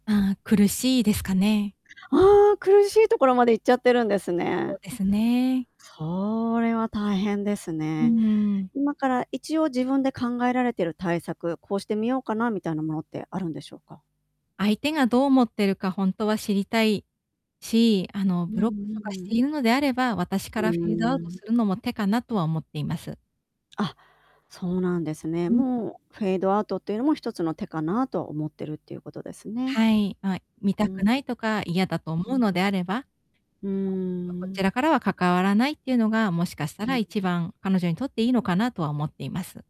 ああ、苦しいですかね？ああ、苦しいところまでいっちゃってるんですそね。うですね。それは大変ですうーね。ん。今から一応自分で考えられてる対策、こうしてみようかなみたいなものってあるんでしょうか？相手がどう思ってるかほんとは知りたいし、あの、うんブロックとかしうてん。いるのであれば、私かうらフェードアーウトん。するのも手かなとは思っています。あ、そうなんですね。うん。もう、フェードアウトっていうのも一つの手かなと思っているっていうことですね。はい、ま、見うたくん。ないとか、嫌だと思ううん。のであれば、うー [unintelligible] こん。ちらからは関わらないっていうのが、もしかしたうんうらん。一番彼女にとっていいのかなとは思っています。